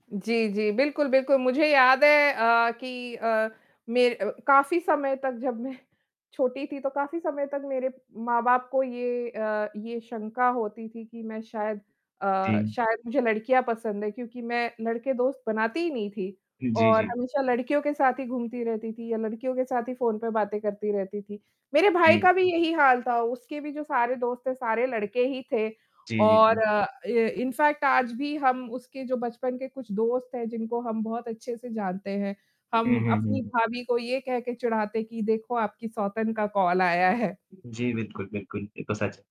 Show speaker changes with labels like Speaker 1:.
Speaker 1: जी, जी। बिल्कुल, बिल्कुल। मुझे याद है अ, कि अ, मेर काफ़ी समय तक जब मैं छोटी थी, तो काफ़ी समय तक मेरे माँ-बाप को ये अ, ये शंका होती थी कि मैं शायद अ,
Speaker 2: जी।
Speaker 1: शायद मुझे लड़कियाँ पसंद हैं क्योंकि मैं लड़के दोस्त बनाती ही नहीं थी
Speaker 2: जी,
Speaker 1: और
Speaker 2: जी।
Speaker 1: हमेशा लड़कियों के साथ ही घूमती रहती थी या लड़कियों के साथ ही फ़ोन पे बातें करती रहती थी, मेरे भाई
Speaker 2: जी।
Speaker 1: का भी यही हाल था उसके भी जो सारे दोस्त थे सारे लड़के ही थे
Speaker 2: जी, जी,
Speaker 1: और
Speaker 2: जी।
Speaker 1: अ, इ इन फैक्ट आज भी हम उसके जो बचपन के कुछ दोस्त हैं, जिनको हम बहुत अच्छे से जानते हैं,
Speaker 2: हुँ,
Speaker 1: हम
Speaker 2: हुँ,
Speaker 1: अपनी
Speaker 2: हुँ।
Speaker 1: भाभी को ये कह के चिढ़ाते कि देखो आपकी सौतन का कॉल आया है।
Speaker 2: जी। बिल्कुल, बिल्कुल। ये तो सच